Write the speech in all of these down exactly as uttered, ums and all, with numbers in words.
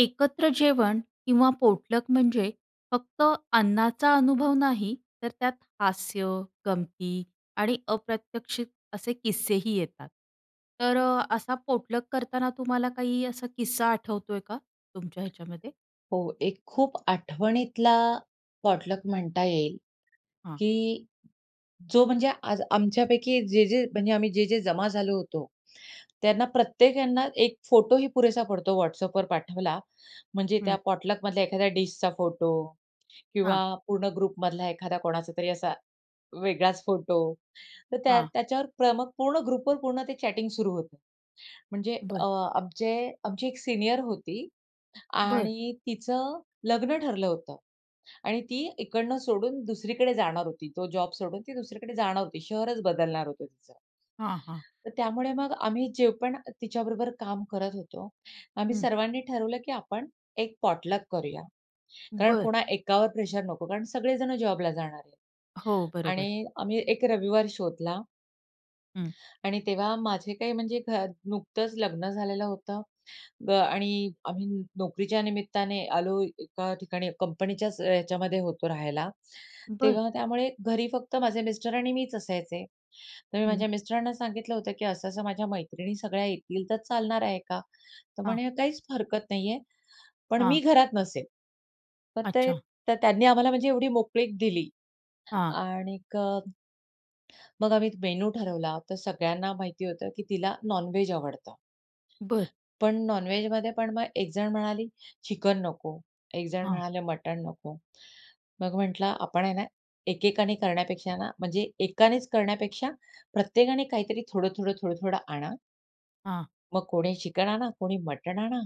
एकत्र जेवण किंवा पोटलक म्हणजे फक्त अन्नाचा अनुभव नाही. तर त्यात हास्य, गमती आणि अप्रत्यक्षित असे किस्सेही येतात. तर असा पोटलक करताना तुम्हाला काही असा किस्सा आठवतोय का तुमच्या ह्याच्यामध्ये? हो. एक खूप आठवणीतला पॉटलक म्हणता येईल हां. की जो म्हणजे आज आमच्यापैकी जे-जे म्हणजे आम्ही जे-जे जमा झालो होतो त्यांना प्रत्येक यांना एक फोटोही पुरेसा पडतो WhatsAppवर पाठवला. म्हणजे त्या हं. पॉटलकमधल्या एखाद्या डिशचा फोटो किंवा हां. पूर्ण ग्रुपमधला एखादा कोणाचा तरी असा वेगळाच फोटो, तर त्या हां. त्याच्यावर प्र मग पूर्ण ग्रुपवर पूर्ण ते चॅटिंग सुरू होतं. म्हणजे बरं. अ, आमचे आमची एक सीनियर होती बरं. आणि तिचं लग्न ठरलं होतं आणि ती इकडनं सोडून दुसरीकडे जाणार होती. तो जॉब सोडून ती दुसरीकडे जाणार होती. शहरच बदलणार होतं तिचं. हां, हां. तर त्यामुळे मग आम्ही जे पण तिच्याबरोबर काम करत होतो आम्ही हं. सर्वांनी ठरवलं, की आपण एक पॉटलक करूया. कारण बरं. कोणा एकावर प्रेशर नको कारण सगळे जण जॉबला जाणार आहेत. हो, बरोबर. आणि आम्ही एक रविवार शोधला. हं. आणि तेव्हा माझे काही म्हणजे घर नुकतंच लग्न झालेलं होतं ब आणि आम्ही नोकरीच्या निमित्ताने आलो एका ठिकाणी, कंपनीच्याच याच्यामध्ये होतो राहायला. बरं. तेव्हा त्यामुळे घरी फक्त माझे मिस्टर आणि मीच असायचे. तर मी हं. माझ्या मिस्टरांना सांगितलं होतं, की असं असं माझ्या मैत्रिणी सगळ्या येतील तर चालणार आहे का? तर हां. म्हणे काहीच फरकत नाही आहे. पण मी हां. घरात नसेल. तर अच्छा. ते त्यांनी आम्हाला म्हणजे एवढी मोकळीक दिली. हां. आणि क मग आम्ही मेनू ठरवला. तर सगळ्यांना माहिती होतं की तिला नॉनव्हेज आवडतं. बरं. पण नॉनव्हेजमध्ये पण मग एक जण म्हणाली चिकन नको, एक जण हां. म्हणाले मटण नको. मग म्हटलं आपण आहे ना, एकेकाने करण्यापेक्षा ना, म्हणजे एकानेच करण्यापेक्षा प्रत्येकाने काहीतरी थोडं-थोडं, थोडं-थोडं आणा. हां. मग कोणी चिकन आणा, कोणी मटण आणा,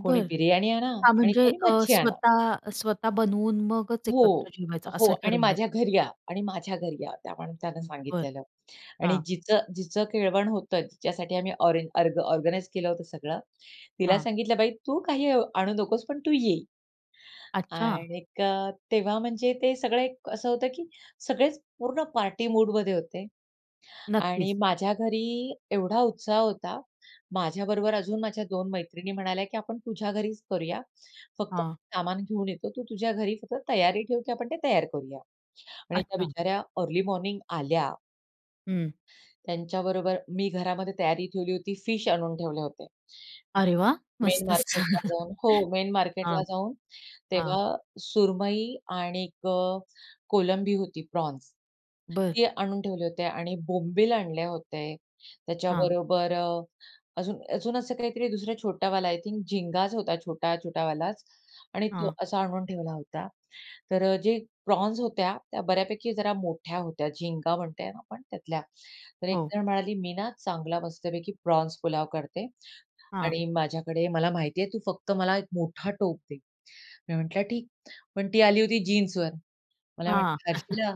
कोणी बिर्याणी आणा हां, आणि म्हणजे कोणी अ, मच्छी आणा. स्वतः स्वतः बनवून मगच एकत्र हो, जेवायचं हो असं आणि ठरवलं "माझ्या का? घरी या आणि माझ्या घरी या." त्या माणसाने अं, बरं. सांगितलेलं आणि हां. जिचं जिचं केळवण होतं, जिच्यासाठी आम्ही ऑरेज अर्ग ऑर्गनाइज केलं होतं सगळं, तिला हां. सांगितलं, "बाई तू काही अ, आणू नकोस पण तू ये." अच्छा. आणिक, तेव्हा म्हणजे ते सगळं एक असं होतं की सगळेच पूर्ण पार्टी मूडमध्ये होते आणि नक्कीच. माझ्या घरी एवढा उत्साह होता. माझ्याबरोबर अजून माझ्या दोन मैत्रिणी म्हणाल्या की "आपण तुझ्या घरीच करूया, फक्त हां. सामान घेऊन येतो. तू तुझ्या घरी फक्त तयारी ठेव, की आपण ते तयार करूया." आणि त्या अच्छा. बिचाऱ्या अर्ली मॉर्निंग आल्या. हं. त्यांच्याबरोबर मी घरामध्ये तयारी ठेवली होती. फिश आणून ठेवले होते. अरे वाह! [unintelligible] मेन मस्तच. छान. मार्केटला जाऊन हो, मेन हां, मार्केटला जाऊन, हां. तेव्हा सुरमई आणिक अ, कोलंबी होती प्रॉन्स. बरं. ते आणून ठेवले होते आणि बोंबील आणले होते. हां. त्याच्याबरोबर अ, अजून अजून असं काहीतरी दुसरा छोटावाला आय थिंक झिंगाच होता, छोटा छोटावालाच आणि तो हां. असा आणून ठेवला होता. तर अ, जे प्रॉन्स होत्या, त्या बऱ्यापैकी जरा मोठ्या होत्या, झिंगा म्हणतो ना आपण त्यातल्या. तर एक हो. जण म्हणाली, "मी ना चांगला मस्तपैकी प्रॉन्स पुलाव करते हां. आणि माझ्याकडे मला माहिती आहे. तू फक्त मला एक मोठा टोप दे." मी म्हटलं, "ठीक." पण ती आली होती जीन्सवर. मला हां. म्हणते, "हर्षला"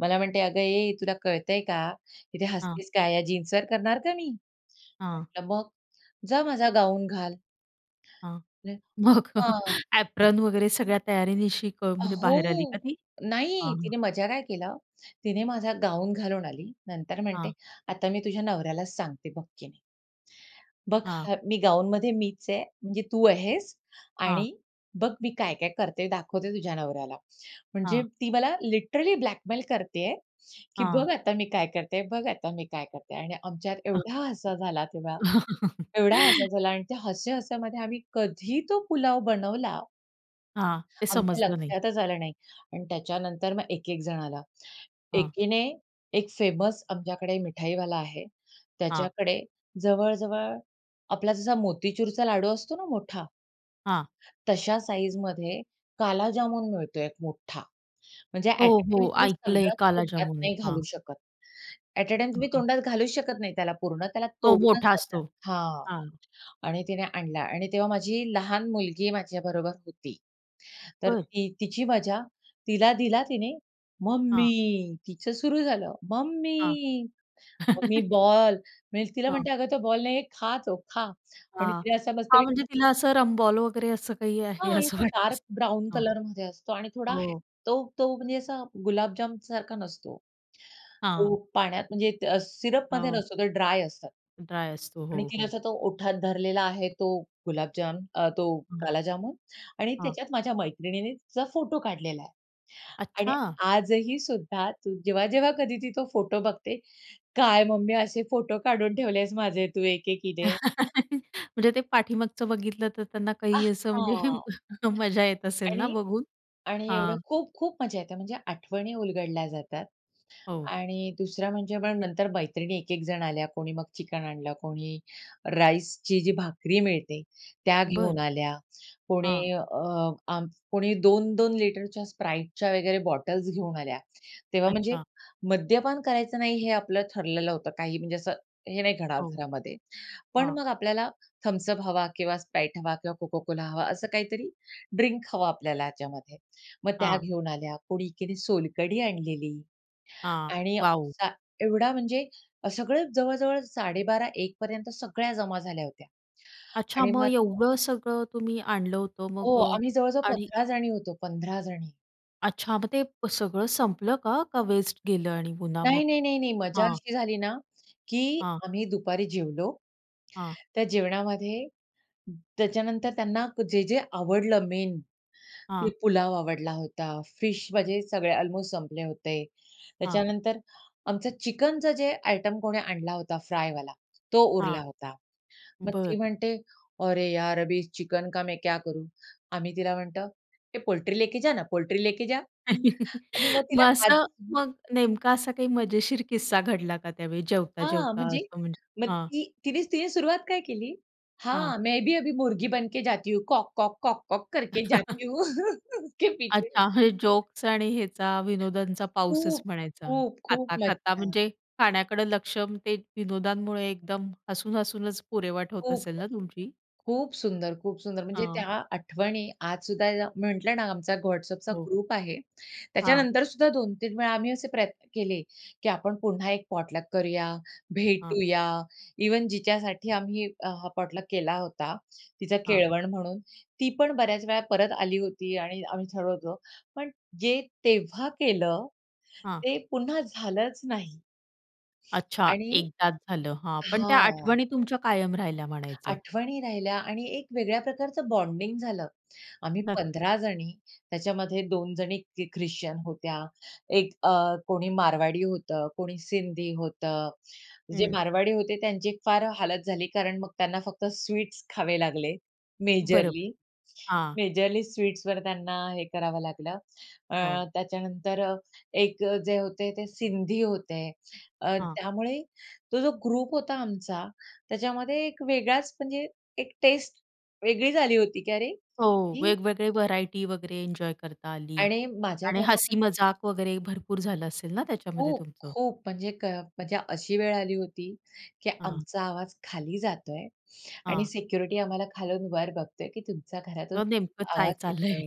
मला म्हणते, "अगं ए, तुला कळतं आहे का? इथे हां. हसतेस काय आहे? या जीन्सवर करणार का मी?" हां. म्हटलं, "मग जा माझा गाऊन घाल." हां, [unintelligible] मग अ, हां. ऍप्रॉन वगैरे सगळ्या तयारीनिशी क अ, म्हणजे बाहेर आली का हो. ती? नाही, हां. तिने मजा काय केला. तिने माझा गाऊन घालून आली. नंतर म्हणते, हां. "आता मी तुझ्या नवऱ्यालाच सांगते बघ की" "बघ हां. ह मी गाउनमध्ये मीच आहे. म्हणजे तू आहेस हां. आणि बघ मी" "काय-काय करते, दाखवते तुझ्या नवऱ्याला." म्हणजे हां. ती मला लिटरली ब्लॅकमेल करत आहे की हां. "बघ, आता मी काय करते बघ आता मी काय करते?" आणि आमच्यात हं. एवढा हसा झाला तेव्हा, एवढा हसा झाला आणि त्या हस्या-हस्यामध्ये आम्ही कधी तो पुलाव बनवला, हां. ते आमच्या समजलं नाही. लक्षातच आलं नाही. अन् त्याच्यानंतर मग एक-एक जण आला. हां. एकीने एक फेमस आमच्याकडे मिठाईवाला आहे, हां. त्याच्याकडे जवळ-जवळ आपला जसा मोतीचूरचा लाडू असतो ना मोठा? हां. तश्या साइझमध्ये काला जामून मिळतो एक मोठा. म्हणजे हो, ॲट अ टाईम हो. तुम्ही ऐकलं आहे सगळं काला तोंडात जामून. नाही घालू हां. शकत, ॲट अ टाईम तुम्ही हां. तोंडात घालूच शकत नाही त्याला पूर्ण, त्याला तो तोडूनच मोठा खायचा असतो. हां. हां. आणि तिने आणला आणि तेव्हा माझी लहान मुलगी माझ्याबरोबर होती. तर बरं. ती तिची मजा. तिला दिला तिने. हां. "मम्मी," तिचं सुरु झालं. हां. "Mummy, mummy ball." म्हणजे तिला हां. म्हणते, "अगं, तो बॉल नाही आहे, खा तो, खा." आणि हां. तिला असं हां, मस्तपैकी म्हणजे तिला असं रमबॉल वगैरे असं काही आहे हां, आणि असं तो वाटलं डार्क ब्राउन असं हो. कलरमध्ये असतो आणि थोडा हो. तो तो म्हणजे असा गुलाबजाम सारखा नसतो. हां. तो पाण्यात म्हणजे त सिरपमध्ये हो. नसतो, तो ड्राय असतं. ड्राय असतो. आणि हो, तिने हो. असा तो ओठात धरलेला आहे, तो गुलाबजाम, अ, तो हां. काला जामून आणि हां. त्याच्यात माझ्या मैत्रिणीने तिचा फोटो काढलेला आहे. आणि अच्छा. आजही सुद्धा ती जेव्हा-जेव्हा कधी ती तो फोटो बघते, "काय मम्मी, असे फोटो काढून ठेवलेस माझे तू एक-एकीने." म्हणजे ते पाठीमागचं बघितलं तर त्यांना काही असं आहा. म्हणजे मजा येत असेल ना आणि बघून. आणि एवढं हां खूप-खूप मजा येते. म्हणजे आठवणी उलगडल्या जातात हो. आणि दुसऱ्या म्हणजे पण नंतर मैत्रिणी एक एक जण आल्या, कोणी मग चिकन आणलं, कोणी राईसची जी भाकरी मिळते त्या बरं. घेऊन आल्या, कोणी हां. अ, आम कोणी दोन दोन लिटरच्या Spriteच्या वगैरे बॉटल्स घेऊन आल्या. तेव्हा म्हणजे अच्छा. मद्यपान करायचं नाही हे आपलं ठरलेलं होतं. काही म्हणजे असं हे नाही घडावं हो, घरामध्ये. पण हां. मग आपल्याला Thums Up हवा किंवा Sprite हवा किंवा Coca-Cola हवा, असं काहीतरी ड्रिंक हवं आपल्याला ह्याच्यामध्ये. मग त्या हां. घेऊन आल्या, कोणी एकीने सोलकढी आणलेली हां. आणि वाव! असा एवढा म्हणजे अ, सगळं जवळ-जवळ साडे बारा एकपर्यंत सगळ्या जमा झाल्या होत्या. अच्छा, आणि मग मग त्या एवढं सगळं तुम्ही आणलं होतं हो, मग अ आम्ही जवळ-जवळ आणि पंधरा जणी होतो, पंधरा जणी. अच्छा, मग ते सगळं संपलं का? का वेस्ट गेलं आणि पुन्हा मग? नाही, नाही, नाही, नाही, मजा हां. अशी झाली ना, की हां. आम्ही दुपारी जेवलो. हां. त्या जेवणामध्ये त्याच्यानंतर त्यांना जे-जे आवडलं मेन, ते हां. पुलाव आवडला होता, फिश म्हणजे सगळे अल्मोस्ट संपले होते. हां. त्याच्यानंतर आमचं चिकनचं जे आयटम कोणी आणला होता फ्रायवाला, तो हां. उरला होता. मग ती बरं. म्हणते, "अरे यार अभी चिकन का मैं क्या करू?" आम्ही तिला म्हणतो, "ए पोल्ट्री लेके जा ना, पोल्ट्री लेके जा." आणि मग मग तिला आज असं, मग नेमका असा काही मजेशीर किस्सा घडला का त्यावेळी जेवता, हां, जेवता म्हणजे असं म्हणजे? मग हां. ती तिनेच तिने सुरुवात काय केली?, हां. "हां, मैं भी अभी मुर्गी बन के जाती हूँ, कॉक-कॉक, कॉक-कॉक करके जाती हूँ उसके अच्छा, पीछे-पीछे." हे जोक्स आणि ह्याचा विनोदांचा पाऊसच खूप! म्हणायचा. खूप, खूप खाता-खाता मज्जा. म्हणजे खाण्याकडं लक्ष ते विनोदांमुळे एकदम, हसून हसूनच पुरेवाट होत खूप. असेल ना तुमची? खूप सुंदर, खूप सुंदर म्हणजे हां. त्या आठवणी आजसुद्धा म्हटलं ना आमचा WhatsAppचा हो. ग्रुप आहे. हां. त्याच्यानंतरसुद्धा दोन तीन वेळा आम्ही असे प्रयत्न केले की आपण पुन्हा एक पॉटलक करूया, हां. भेटूया, इव्हन जिच्यासाठी आम्ही हा पॉटलक केला होता तिचा हां. केळवण म्हणून, ती पण बऱ्याच वेळा परत आली होती आणि आम्ही ठरवतो, पण जे तेव्हा केलं हां. ते पुन्हा झालंच नाही. अच्छा, आणि एकदाच झालं हां, पण त्या हां. आठवणी तुमच्या कायम राहिल्या म्हणायचं? आठवणी राहिल्या आणि एक वेगळ्या प्रकारचं बॉन्डिंग झालं. आम्ही नक्कीच. पंधरा जणी त्याच्यामध्ये दोन जणी ख्रिश्चन होत्या, एक अ, कोणी मारवाडी होतं, कोणी सिंधी होतं. जे हं. मारवाडी होते त्यांची फार हालत झाली, कारण मग त्यांना फक्त स्वीट्स खावे लागले बरोबर. मेजरली. हां. मेजरली स्वीट्सवर त्यांना हे करावं लागलं, अ, हो. त्याच्यानंतर एक जे होते ते सिंधी होते. अ, हां. त्यामुळे तो जो ग्रुप होता आमचा त्याच्यामध्ये एक वेगळाच म्हणजे, एक टेस्ट वेगळी झाली होती की अरे हो, ही वेगवेगळे व्हरायटी वगैरे एन्जॉय करता आली. आणि माझ्या आणि घरामध्ये हसी मजाक वगैरे भरपूर झालं असेल ना त्याच्यामध्ये खूप, तुमचं? खूप म्हणजे ग म्हणजे अशी वेळ आली होती की हां. आमचा आवाज खाली जातोय आणि हां. सिक्युरिटी आम्हाला खालून वर बघतोय की तुमच्या घरातून ते नेमकं चाय आवाज चाललंय? येतोय.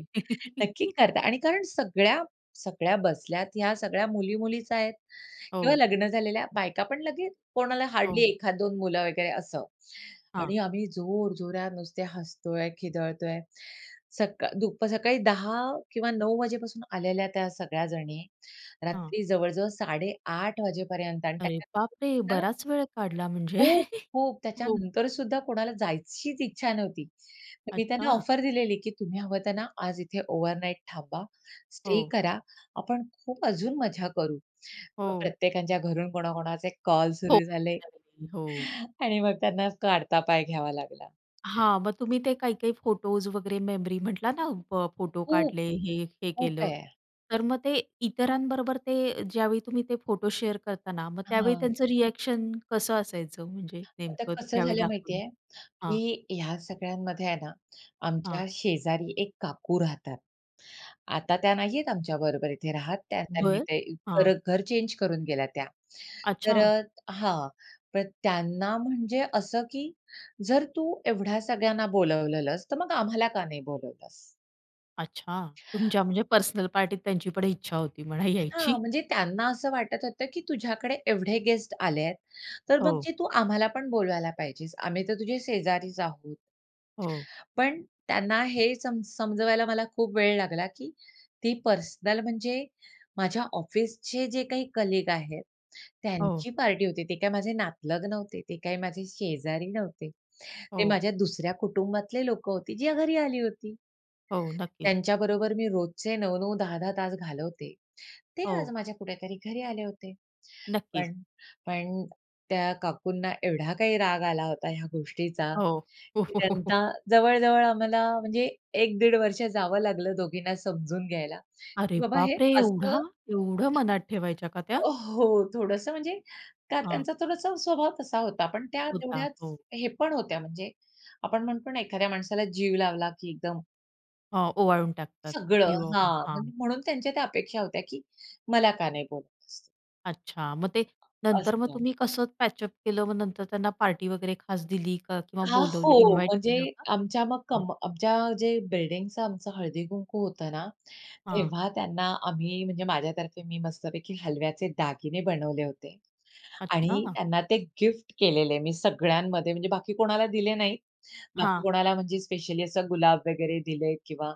नक्की करता आणि कारण सगळ्या, सगळ्या बसल्यात ह्या सगळ्या मुली-मुलीच आहेत किंवा हो. लग्न झालेल्या बायका पण लगेच कोणाला हार्डली हो. एखादं दोन मुलं वगैरे असं हां. आणि आम्ही जोर जोरात नुसते हसतो आहे, खिदळतो आहे. सकाळ दुप सकाळी दहा किंवा नऊ वाजेपासून आलेल्या त्या सगळ्या जणी, हां. रात्री जवळ-जवळ साडे आठ वाजेपर्यंत आणि अरे बाप रे! त्याच्यानंतर बराच वेळ काढला [unintelligible] म्हणजे खूप, खूप हो. त्याच्यानंतरसुद्धा कोणाला जायचीच इच्छा नव्हती. मी त्यांना अच्छा. ऑफर दिलेली की तुम्ही हवं त्यांना आज इथे ओव्हरनाइट थांबा, स्टे हो. करा, आपण खूप अजून मजा करू. मग हो. प्रत्येकाच्या घरून कोणा-कोणाचे कॉल हो सुरू झाले. [unintelligible] हो. आणि मग त्यांना काढता पाय घ्यावा लागला. हां मग तुम्ही ते काही-काही फोटोज् वगैरे मेमरी म्हंटला ना ब फोटो खूप. काढले हे, हे खूप केलं, आहे. तर मग ते इतरांबरोबर ते ज्यावेळी तुम्ही ते फोटो शेअर करता ना मग त्यावेळी हां. त्यांचं रिएक्शन कसं असायचं? म्हणजे आता नेमकं कसं त्यावेळी झालं माहिती दाखवलं आहे, हां. की ह्या सगळ्यांमध्ये आहे ना, हां. आमच्या शेजारी एक काकू राहतात. आता त्या नाही आहे आमच्या बरोबर इथे राहत, त्या त्यांनी बरं, ते हां. घर चेंज करून गेल्या त्या. तर अच्छा. हां, पण त्यांना म्हणजे असं की जर तू एवढ्या सगळ्यांना बोलवलंस, तर मग आम्हाला का नाही बोलवलंस? अच्छा, तुमच्या म्हणजे पर्सनल पार्टीत त्यांची पण इच्छा होती म्हणा हां, यायची. म्हणजे त्यांना असं वाटत होतं की तुझ्याकडे एवढे गेस्ट आलेत, तर मग हो. जे तू आम्हाला पण बोलवायला पाहिजेस, आम्ही तर तुझे शेजारीच आहोत. हो. पण त्यांना हे समज समजवायला मला खूप वेळ लागला की ती पर्सनल म्हणजे माझ्या ऑफिसचे जे काही कलीग आहेत हो. त्यांची पार्टी होती ते काय माझे नातलग नव्हते, ते काय माझे शेजारी नव्हते. ते हो. माझ्या दुसऱ्या कुटुंबातले लोकं होते, जे घरी आली होती. हो, नक्कीच. त्यांच्याबरोबर मी रोजचे नऊ नऊ दहा दहा तास घालवते ते आज हो. माझ्या कुठेतरी घरी आले होते. नक्कीच. पण पण त्या काकूंना एवढा काही राग आला होता. ह्या गोष्टीचा हो. की त्यांना जवळ-जवळ आम्हाला म्हणजे एक दीड वर्ष जावं लागलं दोघींना समजून घ्यायला अरे की बाबा हे बापरे! एवढा असं एवढं मनात ठेवायच्या का त्या? अ, हो, थोडंसं म्हणजे त्या हां. त्यांचा थोडासा स्वभाव तसा होता, पण त्या होता, तेवढ्याच हो. हे पण होत्या म्हणजे आपण म्हणतो ना, एखाद्या माणसाला जीव लावला की एकदम हां, ओवाळून टाकतात सगळं. जीव ओवाळून. हां, हां. म्हणजे म्हणून त्यांच्या त्या अपेक्षा होत्या की मला का नाही बोलवलंस. अच्छा! मग ते नंतर मग असतं. तुम्ही कसं पॅचअप केलं? मग नंतर त्यांना पार्टी वगैरे खास दिली का? किंवा हां, बोलावलं, हो. इन्व्हाइट म्हणजे केलं का? आमच्या मग हां. कंप आमच्या जे बिल्डिंगचं आमचं हळदी-कुंकू होतं ना, हां. तेव्हा त्यांना आम्ही म्हणजे माझ्या तर्फे, मी मस्तपैकी हलव्याचे दागिने बनवले होते आणि अच्छा! त्यांना ते गिफ्ट केलेले, मी सगळ्यांमध्ये, म्हणजे बाकी कोणाला दिले नाही. बाकी हां. कोणाला, म्हणजे स्पेशली असं गुलाब वगैरे दिले किंवा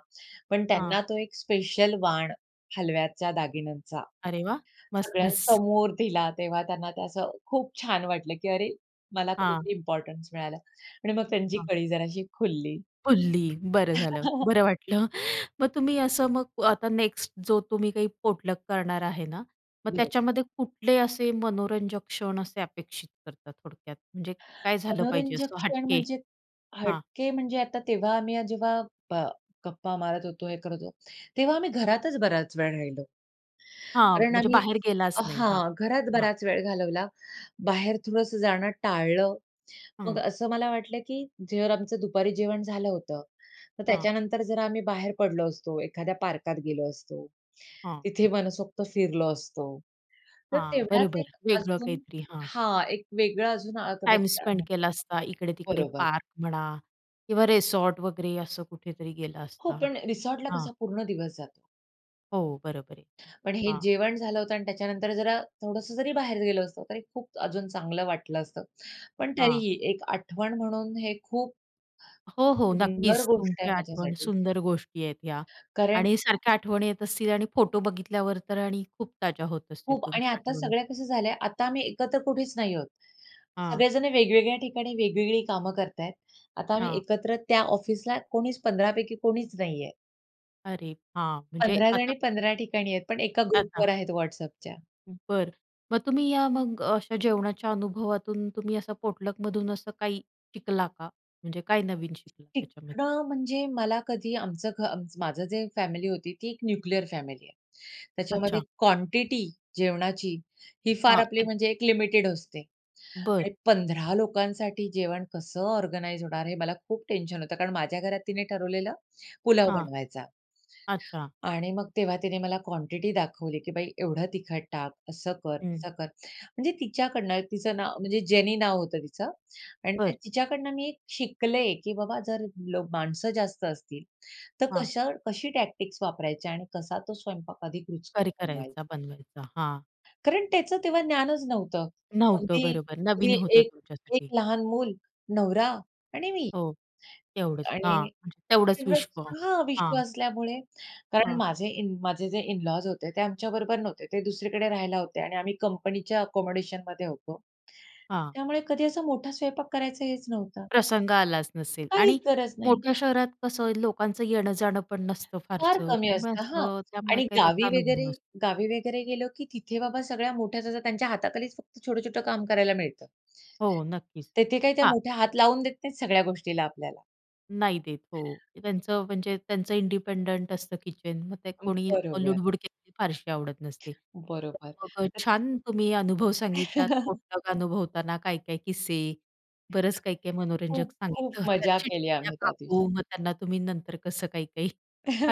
पण हां. त्यांना तो एक स्पेशल वाण, हलव्याच्या दागिन्यांचा, अरे वाह! मस मस सगळ्यांसमोर दिला. तेव्हा त्यांना ते असं खूप छान वाटलं की अरे, मला हां. कुठेतरी इम्पॉर्टन्स मिळालं. आणि मग त्यांची हं. कळी जराशी खुलली. खुलली, बरं झालं! बरं वाटलं! मग तुम्ही असं मग आता नेक्स्ट जो तुम्ही काही पोटलक करणार आहे ना? मग बरं. त्याच्यामध्ये कुठले असे मनोरंजक क्षण असे अपेक्षित करता थोडक्यात, म्हणजे काय झालं पाहिजे मनोरंजक असं क्षण हटके? म्हणजे हां. हटके म्हणजे आता तेव्हा आम्ही हा जेव्हा प गप्पा मारत होतो, हे करत होतो, तेव्हा आम्ही घरातच बराच वेळ राहिलो. हां, कारण म्हणजे आम्ही बाहेर गेलाच नाही? हां, हां, घरात हां. बराच वेळ घालवला. बाहेर थोडंसं जाणं टाळलं. मग हं. असं मला वाटलं की जर आमचं दुपारी जेवण झालं होतं, तर हां. त्याच्यानंतर जर आम्ही बाहेर पडलो असतो, एखाद्या पार्कात गेलो असतो, हां. तिथे मनसोक्त फिरलो असतो, तर हां, तेवढ्यात बरोबर, एक वेगळं अजून काहीतरी. हां. हां, एक वेगळं अजून हा टाइम कदाचित त्या स्पेंड मग केला असता, इकडे-तिकडे बरोबर. पार्क म्हणा किंवा रेसॉर्ट वगैरे असं कुठेतरी गेला हो, असता. पण रिसॉर्टला हां. कसा पूर्ण दिवस जातो. हो, बरोबर आहे. पण हे हां. जेवण झालं होतं आणि त्याच्यानंतर जरा, थोडंसं जरी बाहेर गेलो असतो, तरी खूप अजून चांगलं वाटलं असतं. पण हां. तरीही एक आठवण म्हणून हे खूप हो, हो, सुंदर नक्कीच. गोष्ट तुमची आहे आठवण माझ्यासाठी सुंदर गोष्टी आहेत ह्या कारण आणि सारख्या आठवणी येत असतील आणि फोटो बघितल्यावर तर आणि खूप ताज्या होत असतील, खूप आणि तुमच्या आता आठवणी. सगळ्या कसं झाल्या, आता आम्ही एकत्र कुठेच नाही आहोत. हां. सगळे जण वेगवेगळ्या ठिकाणी वेगवेगळी कामं करत आहेत. आता आम्ही हां. एकत्र त्या ऑफिसला कोणीच पंधरा पैकी कोणीच नाही आहे. अरे! हां, म्हणजे पंधरा आता जणी पंधरा ठिकाणी आहेत, पण एका अच्छा. ग्रुपवर आहेत WhatsAppच्या. बरं, मग तुम्ही या मग अशा जेवणाच्या अनुभवातून तुम्ही असं पोटलक मधून असं काही शिकला का? म्हणजे काय नवीन शिकला त्याच्यामध्ये? शिकण म्हणजे मला कधी आमचं घ आमच माझं जे फॅमिली होती ती एक न्यूक्लिअर फॅमिली आहे. त्याच्यामध्ये अच्छा. क्वांटिटी जेवणाची ही फार हां. आपली एक म्हणजे एक लिमिटेड असते बरं. आणि पंधरा लोकांसाठी जेवण कसं ऑर्गनाइज होणार, हे मला खूप टेन्शन होतं, कारण माझ्या घरात तिने ठरवलेलं पुलाव हां. बनवायचा. अच्छा. आणि मग तेव्हा तिने मला क्वांटिटी दाखवली की, "बाई एवढं तिखट टाक, असं कर, हं. तसं कर", म्हणजे तिच्याकडनं तिचं नाव म्हणजे जेनी नाव होतं तिचं आणि बरं. तिच्याकडनं मी शिकले की बाबा जर माणसं जास्त असतील तर हां. कशा कशी टॅक्टिक्स वापरायची आणि कसा तो स्वयंपाक अधिक करी रुचकर करायचा, बनवायचा. बनवायचा हां. कारण त्याचं तेव्हा ज्ञानच नव्हतं. नव्हतं, अगदी बरोबर. अगदी नवीन होतं एक एक तुमच्यासाठी. लहान मूल, नवरा आणि मी हो. तेवढंच. हां. आणि म्हणजे तेवढंच एवढंच. विश्व. हां, विश्व हां. असल्यामुळे, कारण हां माझे इन माझे जे इन-लॉज् होते ते आमच्याबरोबर नव्हते. ते दुसरीकडे राहायला होते आणि आम्ही कंपनीच्या आकोमोडेशनमध्ये होतो. हां. त्यामुळे कधी असा मोठा स्वयंपाक करायचं हेच नव्हतं. प्रसंग आलाच नसेल आणि काहीच गरज नाही. मोठ्या शहरात कसं आहे, लोकांचं येणं-जाणं पण नसतं फार फारसं कमी त्यामुळे असतं. हां असं, त्यामुळे आणि काही त्याचा गावी अनुभव वगैरे नसतो. गावी वगैरे गेलो की तिथे बाबा सगळ्या मोठ्या त्यांच्या हाताखालीच फक्त छोटं-छोटं काम करायला मिळतं. हो, नक्कीच. तेथे काय ते हां. मोठे हात लावून देत नाहीत सगळ्या गोष्टीला आपल्याला. नाही देत, हो. ते त्यांचं म्हणजे त्यांचं इंडिपेंडंट असतं किचन, मग ते कोणी बरोबर. लुडबुड केलेली फारशी आवडत नसते. तर बरोबर. मग [unintelligible] छान तुम्ही अनुभव सांगितलात पोटलक अनुभवताना काय-काय किस्से, बरंच काही-काही मनोरंजक खूप, खूप सांगितलं, त्या मजा केली चिडलेल्या आम्ही त्या दिवशी. काकू, मग त्यांना तुम्ही नंतर कसं काही-काही.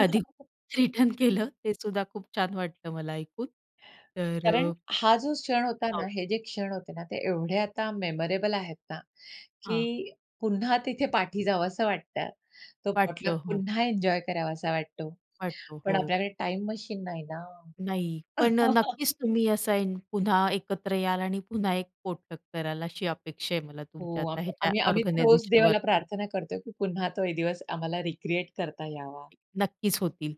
आधी खूप रिटर्न केलं तेसुद्धा खूप छान वाटलं मला ऐकून. तर कारण, हा जो क्षण होता ना, हो. हे जे क्षण होते ना, ते एवढे आता मेमोरेबल आहेत ना, हां. की पुन्हा तिथे पाठी जावसं वाटतं. तो पोटलक वाटतं, हो. पुन्हा एन्जॉय करावासा वाटतो. वाटतं, पण हो. आपल्याकडे टाईम मशीन नाही ना. नाही, पण नक्कीच तुम्ही असं पुन्हा एकत्र याल आणि पुन्हा एक पोटलक कराल, अशी अपेक्षा आहे मला तुमच्या हो, आता आम्ही ह्याच्या आम्ही आम्ही तर रोज देवाला ऑर्गनायझेशनवरनं. प्रार्थना करतोय की पुन्हा तो एक दिवस आम्हाला रीक्रिएट करता यावा. नक्कीच होतील.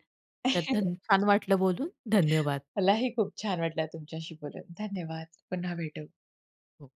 तर धन छान वाटलं बोलून. धन्यवाद. मलाही खूप छान वाटलं तुमच्याशी बोलून. धन्यवाद. पुन्हा भेटू. हो.